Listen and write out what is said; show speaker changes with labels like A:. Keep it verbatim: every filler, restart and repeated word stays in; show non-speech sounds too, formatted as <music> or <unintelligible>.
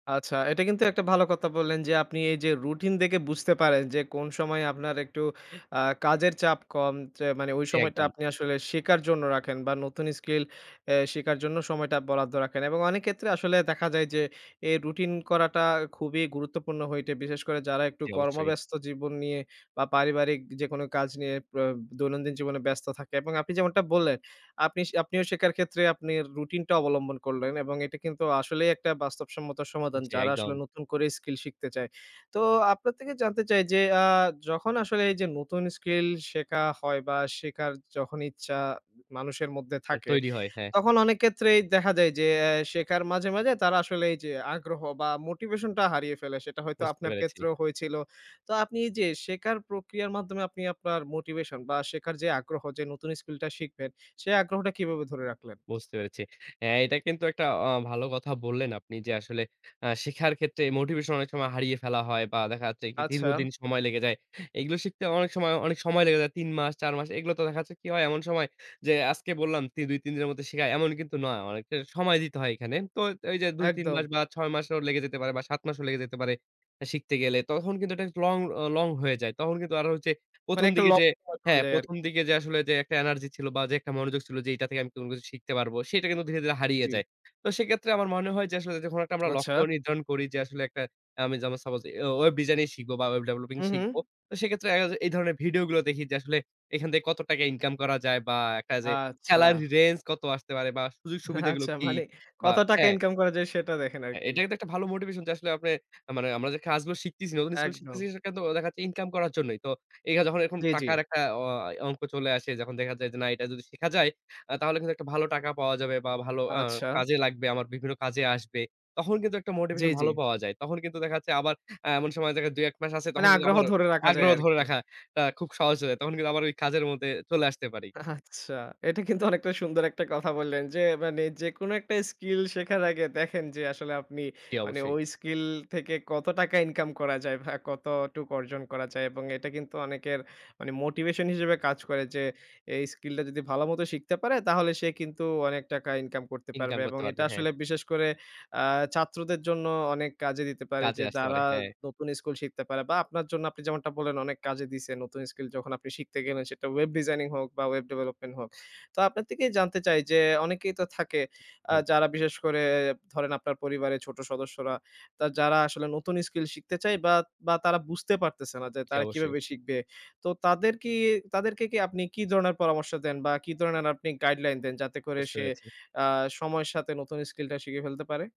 A: আচ্ছা, এটা কিন্তু একটা ভালো কতা বললেন যে আপনি এই যে রুটিন দেকে বুঝতে পারেন যে কোন সময় আপনার একটু আ কাজের চাপ কম যে মানে ওই
B: জ্বী
A: সময়টা
B: একদম।
A: আপনি আসলে সেকার জন্য রাখেন বা নতুন skill অ্যা সেকার জন্য সময়টা বরাদ্দ রাখেন এবং অনেক কেত্রে আসলে দেখা যায় যে এ রুটিন করাটা খুবই গুরুত্বপূর্ণ হইটে বিশেষ করে যারা একটু
B: জি অবশ্যই।
A: কর্মব্যস্ত জীবন নিয়ে বা পারিবারিক যেকোনো কাজ নিয়ে পে দৈনন্দিন জীবনে ব্যস্ত থাকে এবং আপনি যেমনটা বললেন, আপনি শে আপনিও সেকার ক্ষেত্রে আপনি রুটিনটা অবলম্বন করলেন এবং এটা কিন্তু আসলেই একটা বাস্তবসম্মত সমাদান
B: জ্বী
A: যারা
B: একদম।
A: আসলে নতুন করে skill শিকতে চায়। তো আপনার তেকে জানতে চাই যে আ যখন আসলে এই যে নতুন skill সেকা হয় বা সেকার যখন ইচ্ছা মানুষের মধ্যে
B: মানে
A: থাকে,
B: তৈরি হয়, হ্যাঁ।
A: তখন অনেক কেত্রেই দেখা যায় যে অ্যা সেকার মাঝে, মাঝে তারা আসলে এই যে আগ্রহ বা motivation টা হারিয়ে ফেলে সেটা হয়তো
B: বুঝতে
A: আপনার
B: পেরেছি।
A: কেত্রেও হয়েছিল। তো আপনি এই যে সেকার প্রক্রিয়ার মাধ্যমে আপনি আপনার মোটিভেশন বা সেকার যে আগ্রহ যে নতুন skill টা শিখবেন সে আগ্রহটা কিবাবে ধরে রাখলেন?
B: বুঝতে পেরেছি। হ্যাঁ, এটা কিন্তু একটা অ ভালো কথা বললেন আপনি যে আসলে অ্যা শিখার ক্ষেত্রে মোটিভেশন অনেক সময় হারিয়ে ফেলা হয় বা দেখা যাচ্ছে একটি
A: আচ্ছা।
B: দীর্ঘদিন সময় লেগে যায়। এগুলো শিখতে অনেক সময়, অনেক সময় লেগে যায়। তিন মাস, চার মাস এগুলো তো দেখা যাচ্ছে কি হয় এমন সময় যে আজকে বললাম তি দুই-তিন দিনের মধ্যে শিখায় এমন কিন্তু নয়। অনেকটা সময় দিতে হয় এখানে। তো এই যে দুই-তিন
A: একদম।
B: মাস বা ছয় মাসও লেগে যেতে পারে বা সাত মাসও লেগে যেতে পারে, শিখতে গেলে তখন কিন্তু এটা লং ও লং হয়ে যায়। তখন কিন্তু আরো হচ্ছে
A: মানে
B: প্রথম,
A: একটা
B: দিকে যে
A: লক্ষ্য <unintelligible> চলে
B: হ্যাঁ,
A: যায়
B: প্রথম,
A: আরকি।
B: দিকে যে আসলে যে একটা এনার্জি ছিল বা যে একটা মনোযোগ ছিল, যে এইটা থেকে আমি কোন কিছু শিখতে পারবো সেটা কিন্তু ধীরে, ধীরে
A: জ্বী,
B: হারিয়ে
A: জ্বী।
B: যায়। তো সেকেত্রে আমার মনে হয় যে আসলে যখন একটা আমরা
A: আচ্ছা।
B: লক্ষ্য নির্ধারণ করি যে আসলে একটা আমি যেমন সাপোজ অ্যা ওয়েব ডিজাইন শিখবো বা ওয়েব ডেভেলপিং
A: হু,
B: শিখবো।
A: হু।
B: তো সেক্ষেত্রে দেখা যায় এই ধরনের ভিডিও গুলা দেখি যে আসলে এখান থেকে কত টাকা ইনকাম করা যায় বা একটা যে
A: আচ্ছা।
B: salary range কত আসতে পারে বা সুযোগ-সুবিধা গুলো
A: আচ্ছা,
B: কি
A: মানে
B: বা
A: কত টাকা
B: হ্যাঁ।
A: ইনকাম করা যায় সেটা দেখেন
B: হ্যাঁ।
A: আরকি।
B: এটা কিন্তু একটা ভালো মোটিভেশন যে আসলে আপনে আ মানে আমরা যে কাজগুলো শিখতেছি, নতুন স্কুল
A: একদম।
B: শিখতেছি সেখানে তো দেখা যাচ্ছে ইনকাম করার জন্যই। তো এই হা যখন এরকম
A: জী, জী।
B: টাকার একটা অ অংক চলে আসে যখন দেখা যায় যে না এটা যদি শিখা যায় আ তাহলে কিন্তু একটা ভালো টাকা পাওয়া যাবে বা ভালো আ
A: আচ্ছা।
B: কাজে লাগবে, আমার বিভিন্ন কাজে আসবে। তখন কিন্তু একটা
A: জ্বি,
B: মোটিভেশন
A: জ্বি।
B: ভালো পাওয়া যায়। তখন কিন্তু দেখা যাচ্ছে আবার অ্যা এমন সময় দেখা যায় দুই-এক মাস আছে
A: মানে
B: তখন কিন্তু
A: আগ্রহ
B: আবার
A: ধরে রাকা যায়
B: আগ্রহ
A: আর
B: ধরে
A: কি।
B: রাখাটা খুব সহজ হয়ে যায়। তখন কিন্তু আবার ওই কাজের মধ্যে চলে আসতে পারি।
A: আচ্ছা। এটা কিন্তু অনেকটা সুন্দর একটা কথা বললেন, যে মানে যেকোনো একটা skill শেখার আগে দেখেন যে আসলে আপনি
B: জ্বী
A: মানে
B: অবশ্যই।
A: ঐ skill থেকে কত টাকা ইনকাম করা যায় ভা কতটুক অর্জন করা যায় এবং এটা কিন্তু অনেকের মানে motivation হিসেবে কাজ করে, যে এই skill টা যদি ভালোমত শিখতে পারে তাহলে সে কিন্তু অনেক টাকা ইনকাম করতে
B: ইনকাম
A: পারবে এবং
B: করতে
A: এটা
B: পারবে, হ্যাঁ।
A: আসলে বিশেষ করে আ ছাত্রদের জন্য অনেক কাজে দিতে পারে,
B: কাজে
A: যে
B: আসতে
A: যারা
B: পারে, হ্যাঁ।
A: নতুন স্কুল শিখতে পারে বা আপনার জন্য আপনি যেমনটা বললেন, অনেক কাজে দিছে নতুন skill যখন আপনি শিখতে গেলেন সেটা ওয়েব ডিজাইনিং হোক বা ওয়েব ডেভেলপমেন্ট হোক। তো আপনার তেকেই জানতে চাই যে অনেকেই তো থাকে আ
B: তাই?
A: যারা বিশেষ করে ধরেন, আপনার পরিবারের ছোট সদস্যরা, তা যারা আসলে নতুন skill শিখতে চায় বা বা তারা বুঝতে পারতেছে না যে
B: জি
A: তারা
B: অবশ্যই।
A: কিভাবে শিখবে? তো তাদের কি তাদেরকে কি আপনি কি ধরনের পরামর্শ দেন বা কি ধরনের আপনি গাইডলাইন দেন যাতে করে
B: বুঝতে
A: সে
B: পেরেছি।
A: আ সময়ের সাথে নতুন skill টা শিখিয়ে ফেলতে পারে?